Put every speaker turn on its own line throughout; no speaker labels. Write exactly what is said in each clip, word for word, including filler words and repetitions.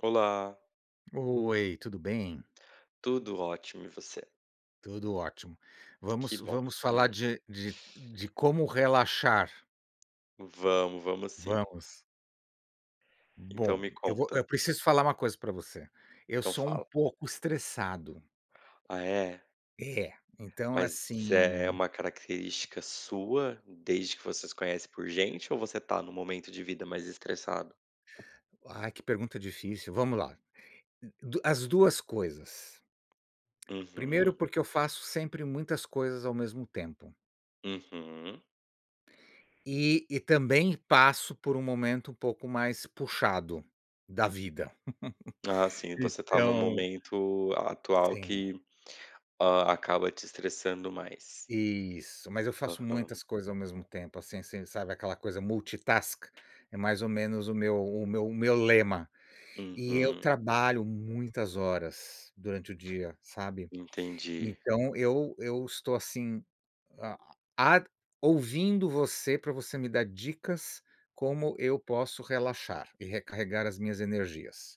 Olá.
Oi, tudo bem?
Tudo ótimo, e você?
Tudo ótimo.
Que
Vamos
bom.
vamos falar de de de como relaxar.
Vamos, vamos sim.
Vamos.
Então
Bom,
me
eu vou
conta.
eu preciso falar uma coisa pra você, eu
Então
sou um
fala.
pouco estressado.
Ah, é?
É. Então
Mas é
assim
uma característica sua, desde que você se conhece por gente, ou você tá num momento de vida mais estressado?
Ai, que pergunta difícil. Vamos lá, do as duas coisas. Primeiro,
Uhum.
porque eu faço sempre muitas coisas ao mesmo tempo.
Uhum.
E e também passo por um momento um pouco mais puxado, da vida.
Ah, sim, você tá num
então
momento atual
Sim.
que, ah, acaba te estressando mais.
Isso, mas eu faço
Aham.
muitas coisas ao mesmo tempo, assim assim, sabe, aquela coisa multitask, é mais ou menos o meu o meu o meu lema. E eu
Uhum.
trabalho muitas horas durante o dia, sabe.
Entendi.
Então eu eu estou assim, ah, a ouvindo você, pra você me dar dicas como eu posso relaxar, e recarregar as minhas energias.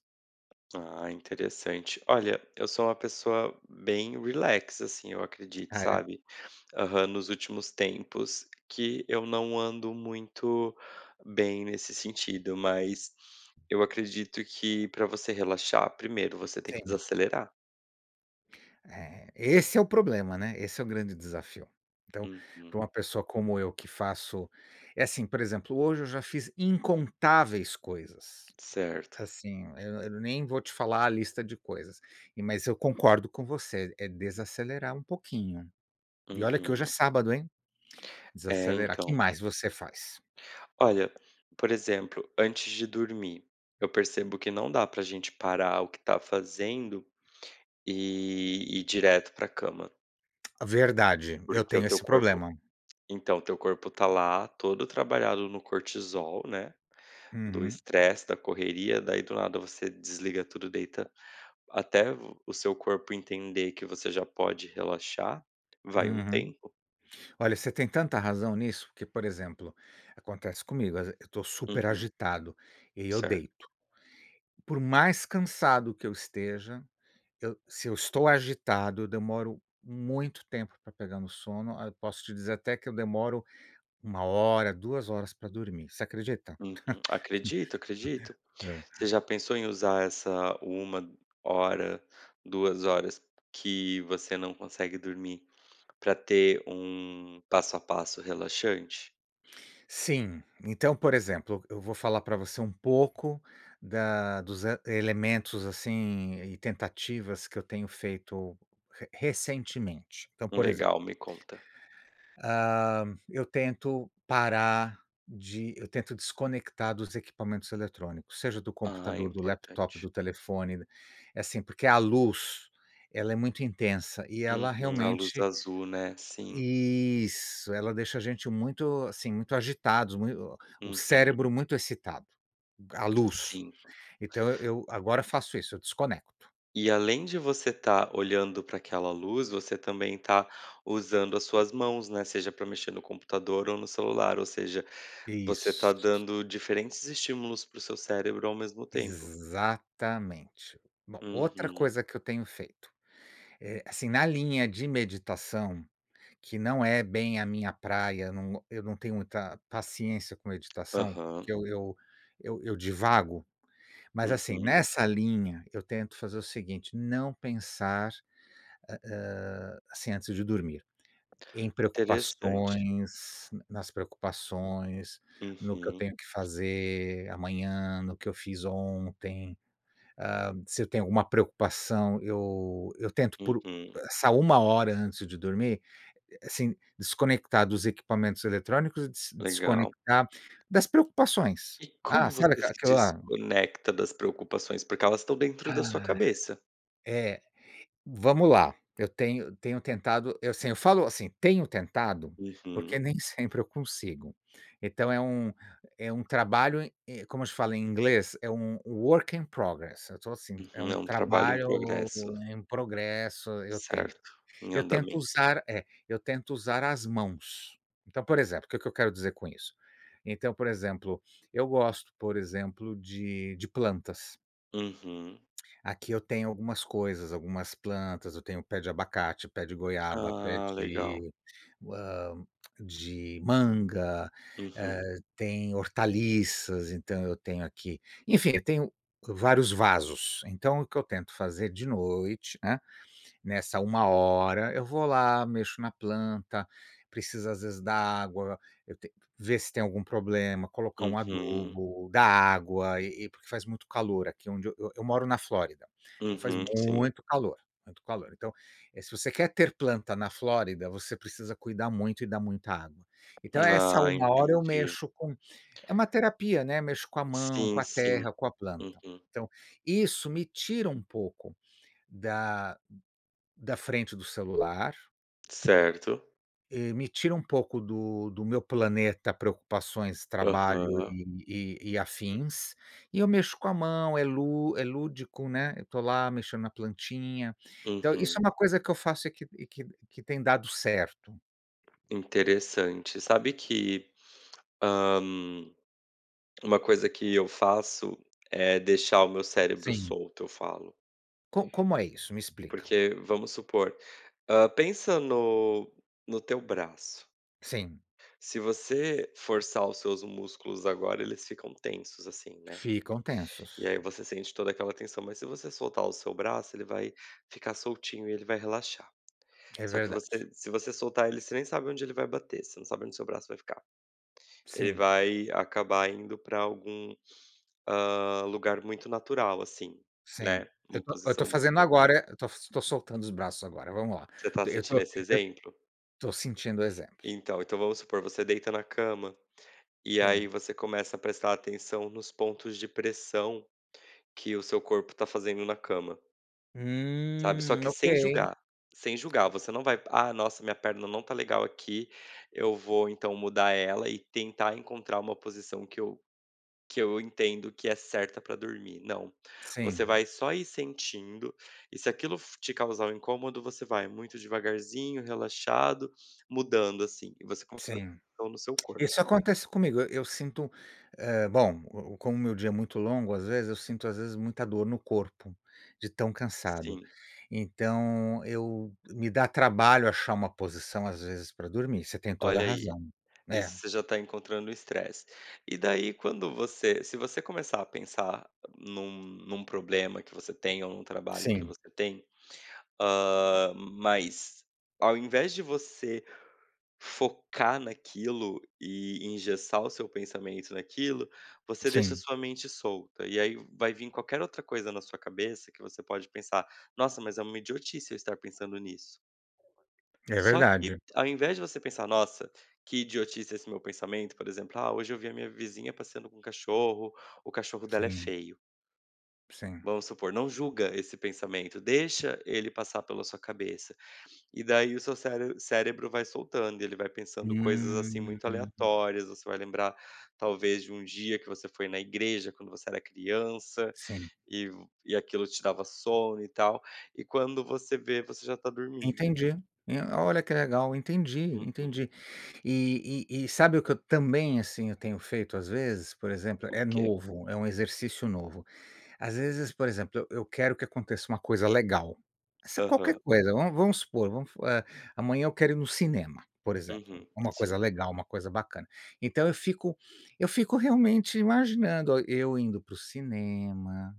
Ah, interessante. Olha, eu sou uma pessoa bem relax, assim, eu acredito,
Ah, é?
sabe. Aham. Nos últimos tempos que eu não ando muito bem nesse sentido, mas eu acredito que pra você relaxar, primeiro você tem que
Sim.
desacelerar.
É, esse é o problema, né. Esse é o grande desafio. Então, para uma
Uhum.
pessoa como eu que faço é assim, por exemplo, hoje eu já fiz incontáveis coisas,
Certo.
assim Eu eu nem vou te falar a lista de coisas e mas eu concordo com você, é desacelerar um pouquinho. E olha que hoje é
Uhum.
sábado, hein?
É,
Desacelerar, que
então.
mais você faz?
Olha, por exemplo, antes de dormir, eu percebo que não dá para a gente parar o que está fazendo e ir direto para a cama.
Verdade, eu
Porque o
tenho
teu
esse
corpo
problema.
então o teu corpo está lá, todo trabalhado no cortisol, né, do
Uhum.
estresse da correria, daí do nada, você desliga tudo, deita até o seu corpo entender que você já pode relaxar, vai um
Uhum.
tempo.
Olha, você tem tanta razão nisso, que, por exemplo, acontece comigo, às ve eu estou super
Uhum.
agitado e eu
Certo.
deito, por mais cansado que eu esteja, eu se eu estou agitado, eu demoro muito tempo para pegar no sono. Ah, posso te dizer até que eu demoro uma hora, duas horas para dormir. Você acredita?
Uhum, acredito, acredito. Você já pensou em usar essa uma hora, duas horas, que você não consegue dormir para ter um passo a passo relaxante?
Sim. Então, por exemplo, eu vou falar pra você um pouco da dos e elementos, assim, e tentativas que eu tenho feito re recentemente. Então,
Hum.
por exemplo
Legal. Me conta.
hã, eu tento parar de eu tento desconectar dos equipamentos eletrônicos, seja do
Ah, é
computador, do laptop,
importante.
do telefone. Assim, porque a luz, ela é muito intensa e ela
Uhum. A luz
realmente
azul, né? Sim.
Isso, ela deixa a gente muito, assim, muito agitados, mui o o
Uhum.
cérebro muito excitado a luz.
Sim.
Então, eu eu agora faço isso, eu desconecto.
E além de você tá olhando pra aquela luz, você também tá usando as suas mãos, né? Seja para mexer no computador ou no celular, ou seja, você tá
Isso.
dando diferentes estímulos para o seu cérebro ao mesmo tempo.
Exatamente. Bom, outra
Uhum.
coisa que eu tenho feito, eh, assim, na linha de meditação, que não é bem a minha praia, num eu não tenho muita paciência com meditação,
Aham.
porque eu eu eu eu divago, mas assim,
Uhum.
nessa linha eu tento fazer o seguinte, não pensar, ah, hã, assim, antes de dormir, em
Interessante.
preocupações nas preocupações, no que eu
Uhum.
tenho que fazer amanhã, no que eu fiz ontem. Hã, se eu tenho alguma preocupação. Eu eu tento por
Uhum.
essa uma hora antes de dormir assim, desconectar dos equipamentos eletrônicos e des
Legal.
desconectar das preocupações.
E
Ah,
como
sabe
você
aque
se
aquela.
desconecta das preocupações? Porque elas estão dentro da sua
Ai.
cabeça.
É, vamos lá, eu tenho tenho tentado, eu sim Eu falo assim, tenho tentado porque
Uhum.
nem sempre eu consigo. Então é um é um trabalho e como eles falam em inglês, é um work in progress. Eu tô assim, é
Uhum.
um
É um trabalho em
trabalho
progresso.
em progresso. Eu tento.
Certo. Em
Eu tento
andamento.
usar É. Eu tento usar as mãos. Então, por exemplo, o que que eu quero dizer com isso? Então, por exemplo, eu gosto, por exemplo, de de plantas.
Uhum.
Aqui eu tenho algumas coisas, algumas plantas. Eu tenho o pé de abacate, pé de goiaba, pé
Ah, legal.
de hã, de manga,
Uhum.
eh, tem hortaliças, então eu tenho aqui enfim, eu tenho vários vasos. Então o que eu tento fazer, de noite, hã, nessa uma hora, eu vou lá, mexo na planta. Precisa às vezes dar água, eu t ver se tem algum problema, colocar um
Uhum.
adubo, dar água e e porque faz muito calor aqui onde eu eu eu moro na Flórida, então faz
Uhum, sim.
muito calor, muito calor. Então, eh, se você quer ter planta na Flórida, você precisa cuidar muito e dar muita água. Então, é essa
Ah,
uma hora eu
entendi.
mexo com é uma terapia, né, mexo com a mão, com
Sim,
a
sim.
terra, com a planta.
Uhum.
Então, isso me tira um pouco da da frente do celular
Certo.
eh, me tira um pouco do do meu planeta preocupações, trabalho
Aham.
e e e afins. E eu mexo com a mão, é lú é lúdico, né, eu tô lá mexendo na plantinha. Então, isso é
Uhum.
uma coisa que eu faço e que e que que tem dado certo.
Interessante, sabe que, hã, uma coisa que eu faço é deixar o meu cérebro
Sim.
solto, eu falo.
Co como é isso? Me explica.
Porque vamos supor. Hã, pensa no no teu braço.
Sim.
Se você forçar os seus músculos, agora, eles ficam tensos, assim, né.
Ficam tensos.
E aí, você sente toda aquela tensão. Mas se você soltar o seu braço, ele vai ficar soltinho e ele vai relaxar.
É
Só que
verdade.
você se você soltar ele, você nem sabe onde ele vai bater, você não sabe onde o seu braço vai ficar. Ele
Sim.
vai acabar indo para algum, hã, lugar muito natural assim,
Sim,
né,
eu
uma
tô, eu tô
posição muito
fazendo
natural.
agora, eu tô so tô soltando os braços agora, vamos lá.
Você tá
Eu tô
sentindo esse
eu
exemplo?
tô sentindo o exemplo.
Então então, vamos supor você deita na cama e aí
Sim.
você começa a prestar atenção nos pontos de pressão que o seu corpo tá fazendo na cama sabe, só
Hum!
que
Ok.
sem julgar, sem julgar, você não vai: "Ah, nossa, minha perna não tá legal aqui, eu vou então mudar ela e tentar encontrar uma posição que eu que eu entendo que é certa pra dormir". Não. Você
Sim.
vai só ir sentindo e se aquilo f te causar um incômodo, você vai muito devagarzinho, relaxado, mudando assim e você conse
Sim.
estão no seu corpo.
Isso acontece comigo. Eu eu sinto, eh, bom, como o meu dia é muito longo, às vezes eu sinto às vezes, muita dor no corpo de tão cansado,
Sim.
então, eu Me dá trabalho achar uma posição, às vezes, pra dormir, você tem toda a
Olha aí,
razão. É.
isso você já tá encontrando o estresse. E daí, quando você se você começar a pensar num num problema que você tem ou num trabalho que
Sim.
você tem, hã, mas ao invés de você focar naquilo e engessar o seu pensamento naquilo, você deixa a
Sim.
sua mente solta, e aí vai vim qualquer outra coisa na sua cabeça que você pode pensar: "Nossa, mas é uma idiotice eu estar pensando nisso".
É
Só que
verdade.
ao invés de você pensar: "Nossa que idiotice esse meu pensamento". Por exemplo: "Ah, hoje eu vi a minha vizinha passeando com um cachorro. O cachorro dela é
Sim.
feio".
Sim.
Vamos supor, não julga esse pensamento, deixa ele passar pela sua cabeça, e daí, o seu cére cérebro vai soltando e ele vai pensando coisas, assim,
Hum.
muito aleatórias. Você vai lembrar, talvez de um dia que você foi na igreja quando você era criança
Sim.
e v e aquilo te dava sono e tal. E quando você vê, você já está dormindo.
Entendi, eh, olha que legal. Entendi,
Uhum.
entendi. E e e sabe o que eu também, assim, eu tenho feito às vezes? Por exemplo,
O
é
que?
novo, é um exercício novo. Às vezes, por exemplo, eu eu quero que aconteça uma coisa legal. Essa é qualquer
Aham.
coisa vamos vamos supor, vamos f eh, amanhã eu quero ir no cinema, por exemplo,
Uhum,
uma coisa
sim.
legal, uma coisa bacana. Então eu fico eu fico realmente imaginando a eu indo para o cinema,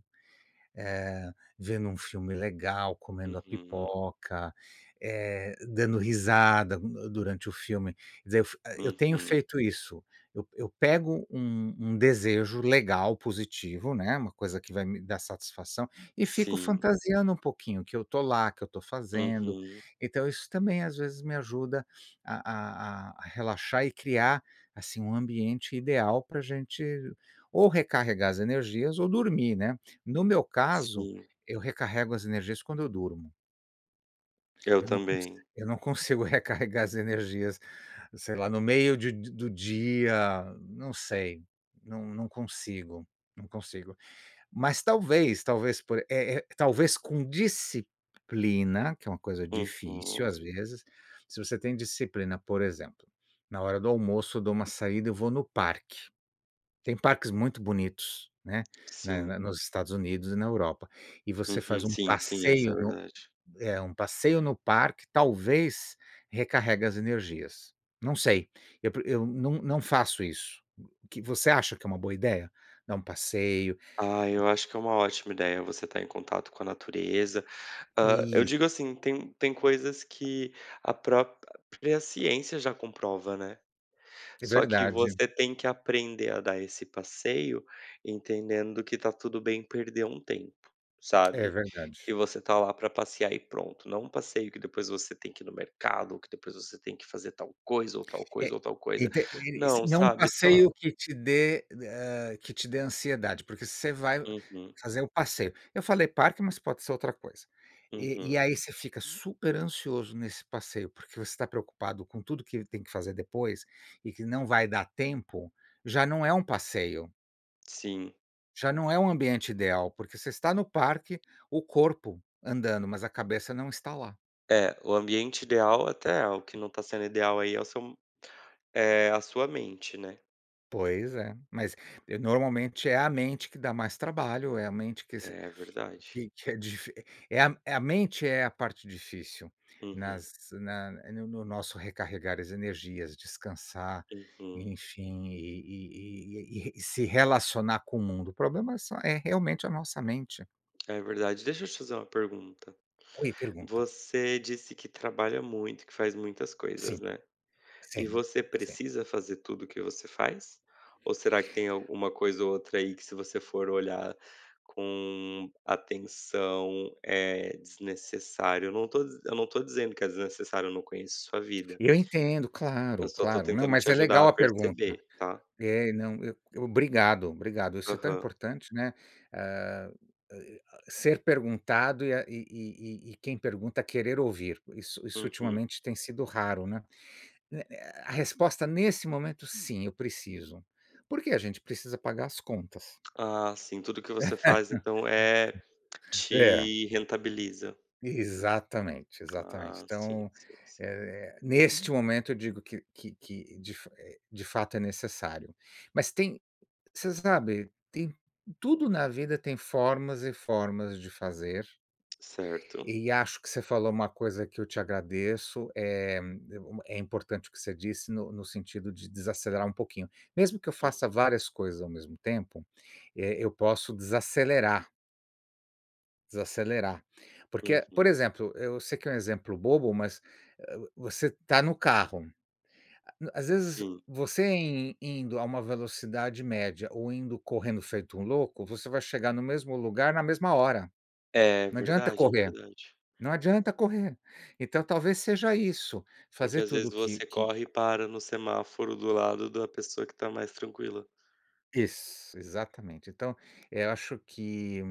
eh, vendo um filme legal, comendo a
Uhum.
pipoca, eh, dando risada durante o filme e dizer, eu f a eu tenho
Uhum.
feito isso. Eu eu pego um um desejo legal, positivo, né, uma coisa que vai me dar satisfação, e fico
Sim.
fantasiando um pouquinho que eu estou lá, que eu estou fazendo.
Uhum.
Então isso também às vezes me ajuda a a a a relaxar e criar, assim, um ambiente ideal para a gente ou recarregar as energias, ou dormir, né. No meu caso,
Sim.
eu recarrego as energias quando eu durmo.
Eu
Eu não cons
também.
eu não consigo recarregar as energias, sei lá, no meio de de do dia, não sei, não não consigo, não consigo, mas, talvez talvez por eh eh, talvez com disciplina, que é uma coisa difícil,
Uhum.
às vezes. Se você tem disciplina, por exemplo, na hora do almoço, eu dou uma saída, eu vou no parque. Tem parques muito bonitos, né. Na
Sim.
na nos Estados Unidos e na Europa, e você
Uhum,
faz um
sim, sim, isso é
passeio no
verdade.
eh, um passeio no parque, talvez recarregue as energias. Não sei, eu pre eu não não faço isso. O que você acha que é uma boa ideia? Dar um passeio
Ah,
e e
eu acho que é uma ótima ideia você tá em contato com a natureza. Hã, eu
Is
digo assim, tem tem coisas que a própria ciência já comprova, né?
É
Só que
verdade.
você tem que aprender a dar esse passeio, entendendo que tá tudo bem perder um tempo,
É
sabe?
verdade.
Que você está lá para passear e pronto, não um passeio que depois você tem que ir no mercado, que depois você tem que fazer tal coisa ou tal
É,
coisa ou tal
e
coisa,
ter e e se
não,
não um
sabe? Só
passeio que te dê, hã, que te dê ansiedade, porque você vai
Uhum.
fazer o passeio eu falei parque, mas pode ser outra coisa, e
Uhum.
e aí você fica super ansioso nesse passeio, porque você tá preocupado com tudo que tem que fazer depois, e que não vai dar tempo, já não é um passeio.
Sim.
Já não é um ambiente ideal, porque você está no parque, o corpo andando, mas a cabeça não está lá.
É, o ambiente ideal, até é. O que não tá sendo ideal aí é o seu m é a sua mente, né?
Pois é, mas normalmente é a mente que dá mais trabalho. É a mente que se
É verdade.
que que é difi é a é a mente é a parte difícil
Uhum.
nas na no no nosso recarregar as energias, descansar,
Uhum.
enfim, e e e e e e se relacionar com o mundo. O problema é só é realmente a nossa mente.
É verdade. Deixa eu te fazer uma pergunta.
Oi, pergunta.
Você disse que trabalha muito, que faz muitas coisas,
Sim.
né. E
Sim.
você
Sim.
precisa fazer tudo o que você faz, ou será que tem alguma coisa ou outra aí, que se você for olhar com atenção, é desnecessário? Eu não tô diz eu não tô dizendo que é desnecessário. Eu não conheço sua vida.
Eu entendo,
Eu
claro,
só tô
claro. Não,
tentando te
mas é
ajudar
legal
a
a pergunta.
perceber, tá?
É, não, eu Obrigado, obrigado. Isso é tão
Aham.
importante, né? Eh, ai, ah, ser perguntado e a e e e e quem pergunta querer ouvir. Isso isso
Uhum.
ultimamente tem sido raro, né? Né né, a resposta nesse momento sim, eu preciso. Por que a gente precisa pagar as contas.
Ah, sim. Tudo o que você faz, então, eh,
É.
te rentabiliza.
Exatamente, exatamente.
Ah. Sim,
Então,
sim, sim.
eh, neste momento, eu digo que que que de fa eh, de fato, é necessário. Mas tem você sabe, tem tudo na vida, tem formas e formas de fazer.
Certo.
E acho que você falou uma coisa que eu te agradeço, eh, é uma é importante o que você disse no no sentido de desacelerar um pouquinho. Mesmo que eu faça
Uhum.
várias coisas ao mesmo tempo, eh, eu posso desacelerar. Desacelerar, porque, por
Uhum.
exemplo, eu sei que é um exemplo bobo, mas, eh, você está no carro, a as vezes
Sim.
você in indo a uma velocidade média ou indo correndo feito um louco, você vai chegar no mesmo lugar, na mesma hora.
É
Não adianta
verdade, é
correr,
verdade.
não adianta correr, então talvez seja isso
Porque,
fazer
às vezes,
tudo que
você
que
corre e para no semáforo do lado da pessoa que está mais tranquila.
Isso, exatamente. Então eu acho que,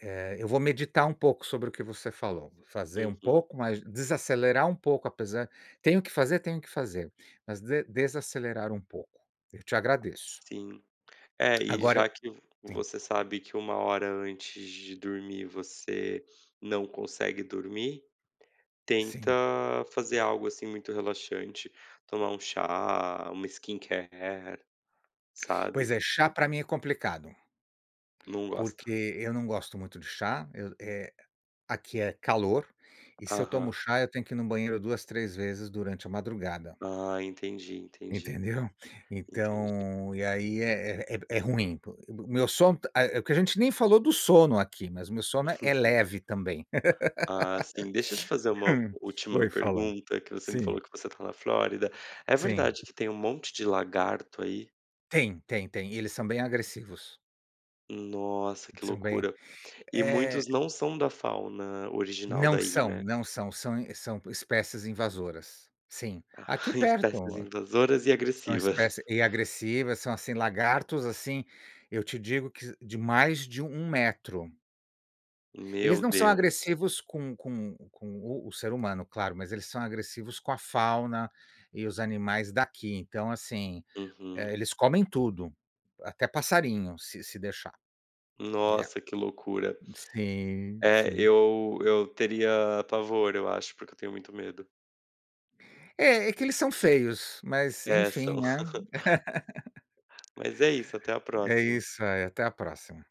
eh, eu vou meditar um pouco sobre o que você falou, vou fazer um
Uhum.
pouco, mas desacelerar um pouco, apesar tenho o que fazer, tenho o que fazer, mas de desacelerar um pouco. Eu te agradeço.
Sim, é. E
Agora eu
já que vo
sim.
você sabe que uma hora antes de dormir, você não consegue dormir, tenta
Sim.
fazer algo, assim, muito relaxante, tomar um chá, uma skincare,
Pois
sabe?
é, chá para mim é complicado,
Não gosta.
porque eu não gosto muito de chá, eu eh, aqui é calor e se eu tomo
Aham.
chá, eu tenho que ir no banheiro duas, três vezes durante a madrugada.
Ah, entendi, entendi.
Entendeu?
Entendi.
então e aí é é é é ruim po meu sono, ah, é o que a gente nem falou do sono aqui, mas o meu sono é é leve também,
Ah, sim, deixa eu te fazer uma última
Oi, fala.
pergunta, que você me falou
Sim.
que você está na Flórida, é
Sim.
verdade que tem um monte de lagarto aí?
Tem, tem, tem e eles são bem agressivos.
Nossa, que
São bem
loucura. E
eh
muitos não são da fauna original
Não
daí,
são,
né?
não são, são são espécies invasoras. Sim.
Ah,
Aqui
espécies
perto,
invasoras e
são
agressivas.
espéci e agressivas, são, assim, lagartos, assim, eu te digo que de mais de um metro. Eles
Meu
não são
Deus.
agressivos com com com o o ser humano, claro, mas eles são agressivos com a fauna e os animais daqui. Então, assim, eh,
Uhum.
eles comem tudo até passarinho, se se deixar. É
Nossa, que loucura.
sim,
É,
sim.
eu eu teria pavor eu acho, porque eu tenho muito medo.
É, é que eles são feios, mas,
É,
enfim,
são.
né?
Mas é isso, até a
É
próxima.
isso aí, até a próxima.